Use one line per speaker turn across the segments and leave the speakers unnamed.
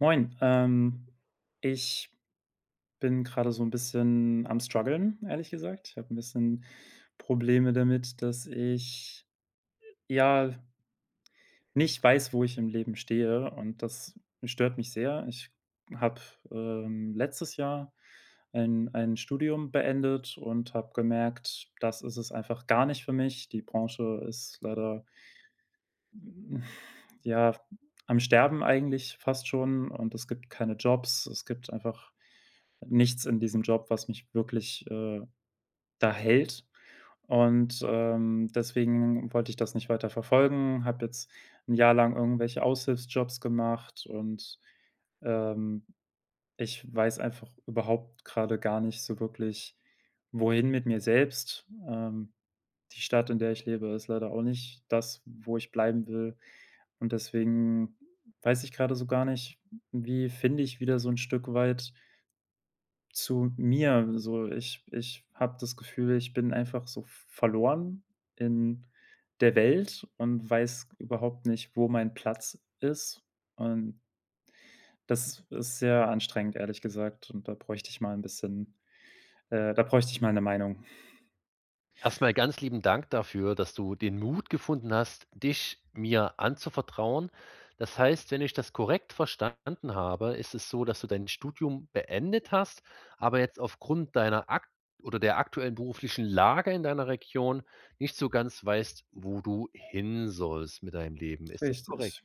Moin, ähm, ich bin grade so 'n bisschen am Strguggeln, ehrlich gesagt. Ich habe 'n bisschen Probleme damit, dass ich, ja nicht weiß, wo ich im Leben stehe, und das stört mich sehr. Ich habe, ähm, letztes Jahr ein ein Studium beendet und habe gemerkt: Das ist es einfach gar nicht für mich. Die Branche ist leider hm, ja, am Sterben eigentlich fast schon, und es gibt keine Jobs, es gibt einfach nichts in diesem Job, was mich wirklich, äh, da hält. Und, ähm, deswegen wollte ich das nicht weiterverfolgen, habe jetzt 'n Jahr lang irgendwelche Aushilfsjobs gemacht und, ähm, ich weiß einfach überhaupt grade gar nicht so wirklich, wohin mit mir selbst. Ähm, die Stadt, in der ich lebe, ist leider auch nicht das, wo ich bleiben will, und deswegen weiß ich grade so gar nicht, wie finde ich wieder so 'n Stück weit zu mir. So, ich ich habe das Gefühl, ich bin einfach so v verloren in der Welt und weiß überhaupt nicht, wo mein Platz ist und das is ist sehr anstrengend, ehrlich gesagt, und da bräuchte ich mal 'n bisschen äh, da bräuchte ich mal 'ne Meinung.
Erstmal ganz lieben Dank dafür, dass du den Mut gefunden hast, dich mir anzuvertrauen. Das heißt, wenn ich das korrekt verstanden habe, ist es so, dass du dein Studium beendet hast. Aber jetzt aufgrund deiner akt oder der aktuellen beruflichen Lage in deiner Region nicht so ganz weißt, wo du hin sollst mit deinem Leben. Ist das korrekt?
Richtig.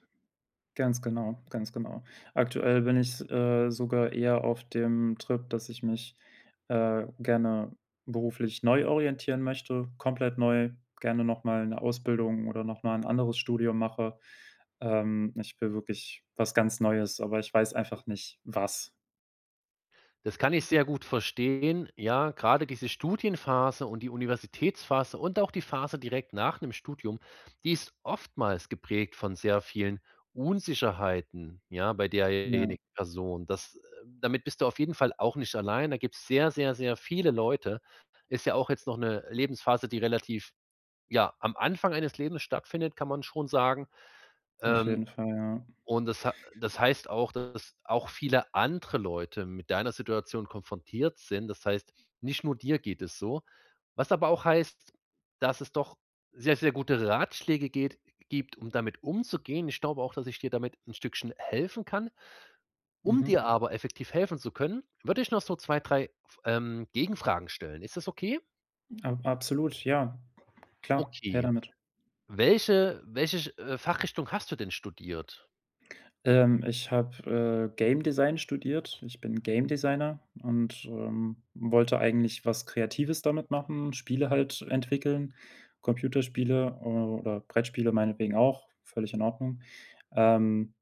Ganz genau, ganz genau. Aktuell bin ich s äh, sogar eher auf dem Trip, dass ich mich, äh, gerne beruflich neu orientieren möchte, komplett neu, gerne nochmal 'ne Ausbildung oder nochmal 'n anderes Studium mache. Ähm, ich will wirklich was ganz Neues, aber ich weiß einfach nicht, was.
Das kann ich sehr gut verstehen. Ja, gerade diese Studienphase und die Universitätsphase und auch die Phase direkt nach dem Studium. Die ist oftmals geprägt von sehr vielen Unsicherheiten. Ja, bei
Ja.
derjenigen Person, das, äh damit bist du auf jeden Fall auch nicht alleine. Da gibt's sehr, sehr, sehr viele Leute. Ist ja auch jetzt noch 'ne Lebensphase, die relativ, ja, am Anfang eines Lebens stattfindet, kann man schon sagen.
Auf
Ähm,
jeden Fall, ja.
und das ha das heißt auch, dass auch viele andere Leute mit deiner Situation konfrontiert sind. Das heißt, nicht nur dir geht es so, was aber auch heißt, dass es doch sehr, sehr gute Ratschläge geht gibt, um damit umzugehen. Ich glaube auch, dass ich dir damit 'n Stückchen helfen kann. Um
Mhm.
dir aber effektiv helfen zu können, würde ich noch so 2, 3, F ähm, Gegenfragen stellen. Ist das okay?
A absolut, ja, klar, her
Okay.
damit.
Welche welche ch Fachrichtung hast du denn studiert?
Ähm, ich habe, äh, Game Design studiert. Ich bin Game Designer und, ähm, wollte eigentlich was Kreatives damit machen, Spiele halt entwickeln, Computerspiele, äh, oder Brettspiele meinetwegen auch, völlig in Ordnung. Ähm,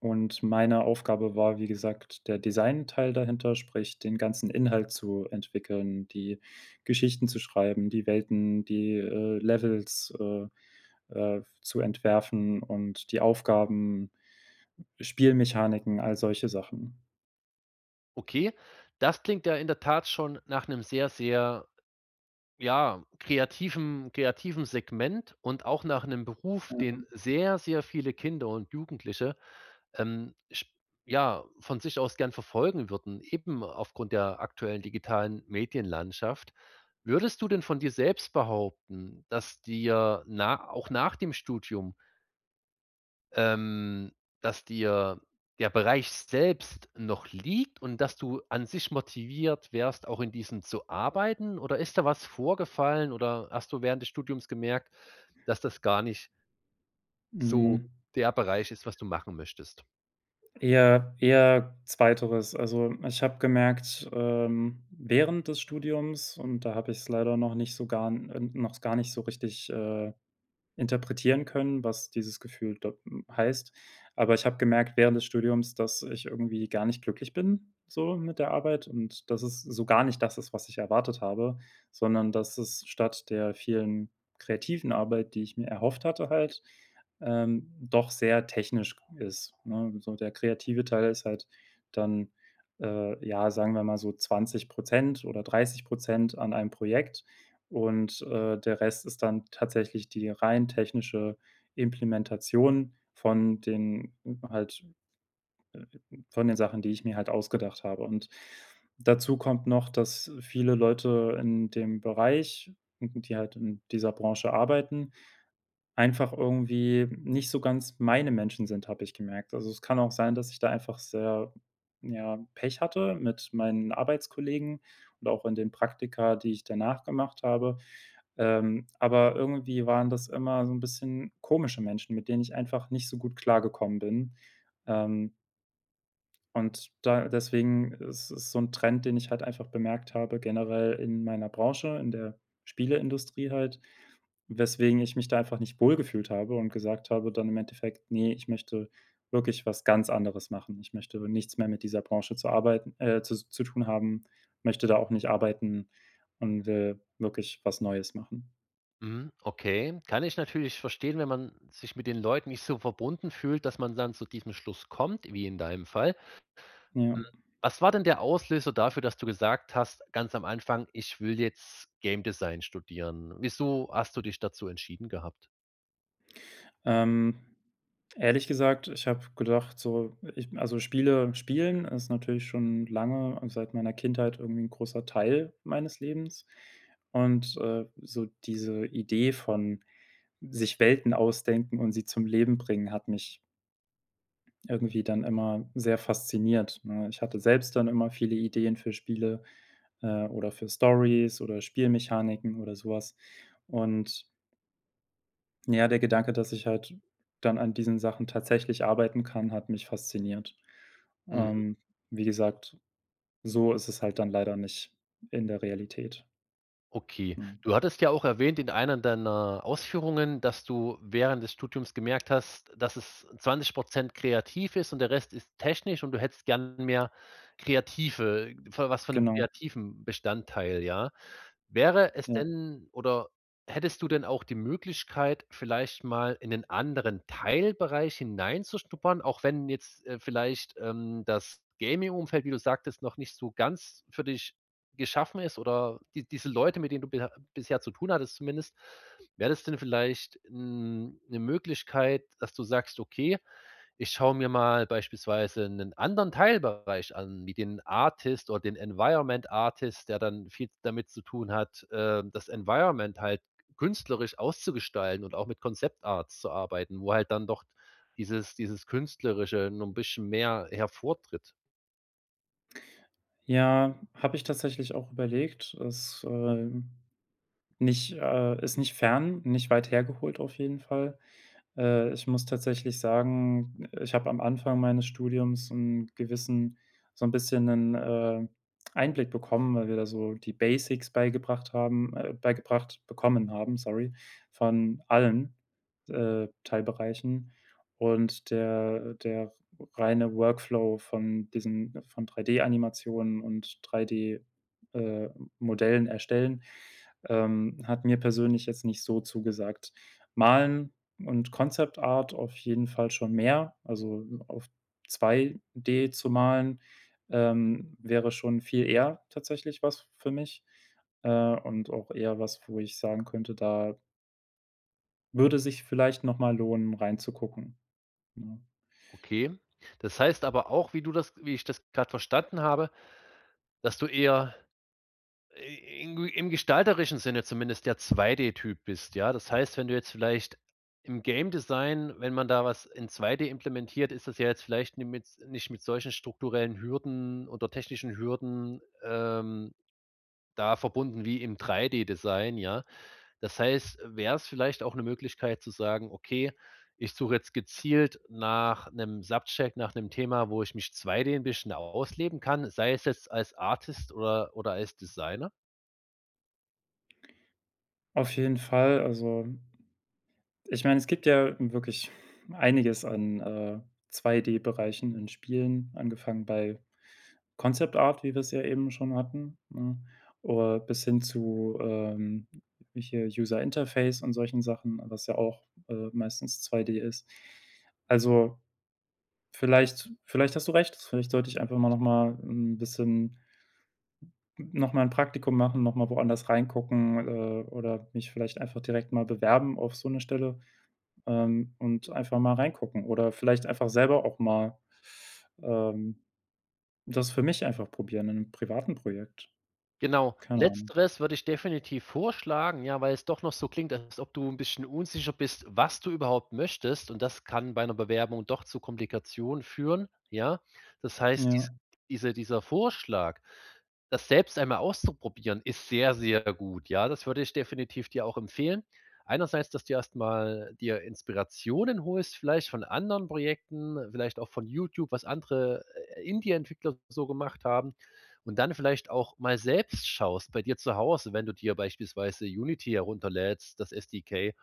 und meine Aufgabe war, wie gesagt, der Designteil dahinter, sprich, den ganzen Inhalt zu entwickeln, die Geschichten zu schreiben, die Welten, die, äh, Levels, äh, äh, zu entwerfen und die Aufgaben, Spielmechaniken, all solche Sachen.
Okay, das klingt ja in der Tat schon nach 'nem sehr, sehr, ja, kreativen kreativen Segment und auch nach 'nem Beruf,
Ja.
den sehr, sehr viele Kinder und Jugendliche, ähm, sch ja, von sich aus gern verfolgen würden, eben aufgrund der aktuellen digitalen Medienlandschaft. Würdest du denn von dir selbst behaupten, dass dir na auch nach dem Studium ähm, dass dir der Bereich selbst noch liegt und dass du an sich motiviert wärst, auch in diesem zu arbeiten? Oder ist da was vorgefallen? Oder hast du während des Studiums gemerkt, dass das gar nicht so
Mhm.
der Bereich ist, was du machen möchtest?
Eher eher 2. Also, ich habe gemerkt, ähm, während des Studiums und da habe ich's leider noch nicht so gar n äh, noch s gar nicht so richtig, äh, interpretieren können, was dieses Gefühl da m heißt. Aber ich habe gemerkt während des Studiums, dass ich irgendwie gar nicht glücklich bin, so mit der Arbeit. Und dass es so gar nicht das ist, was ich erwartet habe, sondern dass es statt der vielen kreativen Arbeit, die ich mir erhofft hatte halt, ähm, doch sehr technisch g ist, ne? So, der kreative Teil ist halt dann, äh, ja, sagen wir mal so 20 % oder 30 % an einem Projekt und, äh, der Rest ist dann tatsächlich die rein technische Implementation von den halt, äh, äh von den Sachen, die ich mir halt ausgedacht habe. Und dazu kommt noch, dass viele Leute in dem Bereich, die halt in dieser Branche arbeiten einfach irgendwie nicht so ganz meine Menschen sind, habe ich gemerkt. Also, es kann auch sein, dass ich da einfach sehr, ja, Pech hatte mit meinen Arbeitskollegen und auch in den Praktika, die ich danach gemacht habe. Ähm, aber irgendwie waren das immer so 'n bisschen komische Menschen, mit denen ich einfach nicht so gut klargekommen bin. Ähm und da deswegen ist es so 'n Trend, den ich halt einfach bemerkt habe, generell in meiner Branche, in der Spieleindustrie halt, weswegen ich mich da einfach nicht wohlgefühlt habe und gesagt habe dann im Endeffekt: „Ne, ich möchte wirklich was ganz anderes machen. Ich möchte nichts mehr mit dieser Branche zu arbeiten äh, zus zu tun haben, möchte da auch nicht arbeiten und, äh, wirklich was Neues machen.“
Mhm, okay, kann ich natürlich verstehen, wenn man sich mit den Leuten nicht so verbunden fühlt, dass man dann zu diesem Schluss kommt, wie in deinem Fall. Hm,
Ja.
was war denn der Auslöser dafür, dass du gesagt hast, ganz am Anfang: „Ich will jetzt Game Design studieren.“? Wieso hast du dich dazu entschieden gehabt?
Ähm, ehrlich gesagt, ich habe gedacht, so, ich also Spiele spielen ist natürlich schon lange seit meiner Kindheit irgendwie 'n großer Teil meines Lebens und, äh, so diese Idee von, sich Welten ausdenken und sie zum Leben bringen hat mich irgendwie dann immer sehr fasziniert, ne? Ich hatte selbst dann immer viele Ideen für Spiele, äh, oder für Stories oder Spielmechaniken oder sowas und ja der Gedanke, dass ich halt dann an diesen Sachen tatsächlich arbeiten kann, hat mich fasziniert.
Mhm.
Ähm, wie gesagt, so ist es halt dann leider nicht in der Realität.
Okay.
Mhm.
Du hattest ja auch erwähnt in einer deiner Ausführungen, dass du während des Studiums gemerkt hast, dass es 20 % kreativ ist und der Rest ist technisch. Und du hättest gern mehr Kreative voll was von 'nem
Genau.
kreativen Bestandteil, ja. Wäre es
Ja.
denn, oder hättest du denn auch die Möglichkeit, vielleicht mal in 'nen anderen Teilbereich hineinzuschnuppern? Auch wenn jetzt, äh, vielleicht, ähm, das Gaming-Umfeld, wie du sagtest, noch nicht so ganz für dich geschaffen ist, oder die diese Leute, mit denen du beher bisher zu tun hattest zumindest. Wäre das denn vielleicht n 'ne Möglichkeit, dass du sagst: „Okay, ich schaue mir mal beispielsweise 'nen anderen Teilbereich an, wie den Artist oder den Environment Artist, der dann viel damit zu tun hat, ähm, das Environment halt künstlerisch auszugestalten und auch mit Concept Arts zu arbeiten.“ Wo halt dann doch dieses dieses künstlerische noch 'n bisschen mehr hervortritt.
Ja, habe ich tatsächlich auch überlegt. Es, ähm, nicht äh, ist nicht fern, nicht weit hergeholt auf jeden Fall. Äh, ich muss tatsächlich sagen, äh, ich habe am Anfang meines Studiums 'n gewissen so 'n bisschen 'nen, äh, Einblick bekommen, weil wir da so die Basics beigebracht haben, äh, beigebracht bekommen haben, sorry, von allen, äh, Teilbereichen und der der r reine Workflow von diesen von 3D-Animationen und 3D äh, Modellen erstellen, ähm, hat mir persönlich jetzt nicht so zugesagt. Malen und Concept-Art auf jeden Fall schon mehr, also m auf 2D zu malen, ähm, wäre schon viel eher tatsächlich was für mich, äh, und auch eher was, wo ich sagen könnte, da würde sich vielleicht noch mal lohnen, reinzugucken, ne?
Okay. Das heißt aber auch, wie du das wie ich das gerade verstanden habe, dass du eher, äh, i in gu im gestalterischen Sinne zumindest der 2D-Typ bist. Ja, das heißt, wenn du jetzt vielleicht im Game Design, wenn man da was in 2D implementiert, ist das ja jetzt vielleicht ni mit nicht mit solchen strukturellen Hürden oder technischen Hürden, ähm, da verbunden wie im 3D-Design, ja. Das heißt, wär's vielleicht auch 'ne Möglichkeit zu sagen: „Okay, ich suche jetzt gezielt nach 'nem Subject nach 'nem Thema, wo ich mich 2D 'n bisschen ausleben kann“, sei es jetzt als Artist oder oder als Designer?
Auf jeden Fall, also ich meine, es gibt ja wirklich einiges an, äh, 2D-Bereichen in Spielen angefangen bei Concept Art, wie wir es ja eben schon hatten, ne? Oder bis hin zu, ähm, hm, hier User Interface und solchen Sachen, was ja auch, äh, meistens 2D ist. Also, vielleicht vielleicht hast du recht. Vielleicht sollte ich einfach mal nochmal 'n bisschen n nochmal 'n Praktikum machen, nochmal woanders reingucken, äh, oder mich vielleicht einfach direkt mal bewerben auf so 'ne Stelle, ähm, und einfach mal reingucken oder vielleicht einfach selber auch mal, ähm, das für mich einfach probieren, in 'nem privaten Projekt.
Genau.
Keine Ahnung.
Letzteres würde ich definitiv vorschlagen. Ja, weil es doch noch so klingt, als ob du 'n bisschen unsicher bist, was du überhaupt möchtest. Und das kann bei 'ner Bewerbung doch zu Komplikationen führen, ja? Das heißt, diese
Ja.
diese dieser Vorschlag, das selbst einmal auszuprobieren, ist sehr, sehr gut, ja? Das würde ich definitiv dir auch empfehlen. Einerseits, dass du erstmal dir Inspirationen holst, vielleicht von anderen Projekten, vielleicht auch von YouTube, was andere, äh, Indie-Entwickler so gemacht haben. Und dann vielleicht auch mal selbst schaust bei dir zu Hause, wenn du dir beispielsweise Unity herunterlädst, das SDK,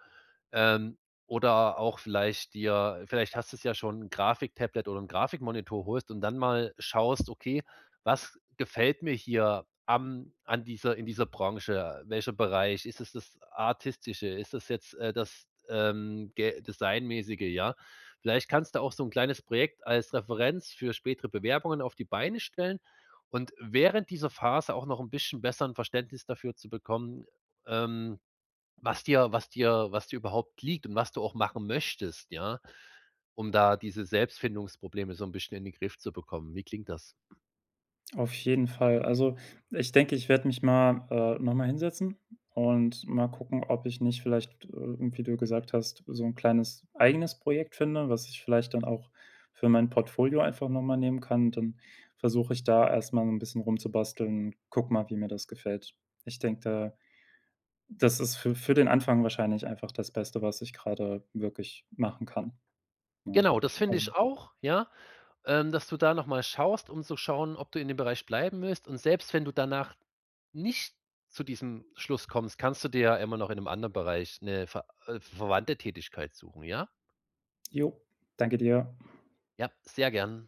ähm, oder auch vielleicht dir vielleicht hast du ja schon, 'n Grafik-Tablet oder 'n Grafik-Monitor holst und dann mal schaust: „Okay, was gefällt mir hier am an dieser in dieser Branche, welcher Bereich ist es das Artistische? Ist das jetzt, äh, das, ähm, ge designmäßige“, ja? Vielleicht kannst du auch so 'n kleines Projekt als Referenz für spätere Bewerbungen auf die Beine stellen. Und während dieser Phase auch noch 'n bisschen besser 'n Verständnis dafür zu bekommen, ähm, was dir was dir was dir überhaupt liegt und was du auch machen möchtest, ja, um da diese Selbstfindungsprobleme so 'n bisschen in den Griff zu bekommen. Wie klingt das?
Auf jeden Fall. Also, ich denke, ich werde mich mal, äh, nochmal hinsetzen und mal gucken, ob ich nicht vielleicht, äh, wie du gesagt hast, „so 'n kleines eigenes Projekt finde“, was ich vielleicht dann auch für mein Portfolio einfach noch mal nehmen kann. Dann versuche ich da erstmal 'n bisschen rumzubasteln und gucke mal, wie mir das gefällt. Ich denke, da das ist für für den Anfang wahrscheinlich einfach das Beste, was ich gerade wirklich machen kann. Ne,
Genau das finde
also
ich auch, ja? Ähm, dass du da noch mal schaust, um zu schauen, ob du in dem Bereich bleiben willst. Und selbst wenn du danach nicht zu diesem Schluss kommst, kannst du dir ja immer noch in 'nem anderen Bereich 'ne ver äh, verwandte Tätigkeit suchen, ja?
Jo, danke dir.
Ja, sehr gern.